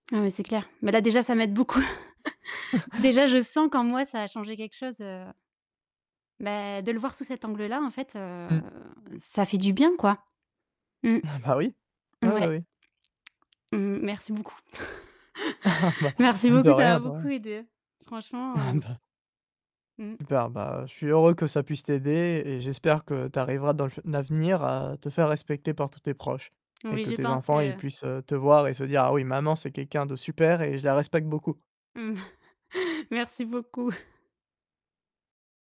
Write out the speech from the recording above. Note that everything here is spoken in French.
Ah mais c'est clair. Mais là déjà ça m'aide beaucoup. Déjà je sens qu'en moi ça a changé quelque chose, heu Mais de le voir sous cet angle-là en fait, heu, Mmh. ça fait du bien, quoi. Mmh. bah oui. Oui, oui, Ouais. oui. Mmh, merci beaucoup. Ah bah Merci de beaucoup, ça rien, m'a de beaucoup rien. aidée. Franchement, Ah heu bah Mmh mh. Super, bah, je suis heureux que ça puisse t'aider et j'espère que tu arriveras dans le fu l'avenir à te faire respecter par tous tes proches et Oui, que je tes pense enfants ils que puissent te voir et se dire: «Ah oui maman c'est quelqu'un de super et je la respecte beaucoup». Mmh, merci beaucoup.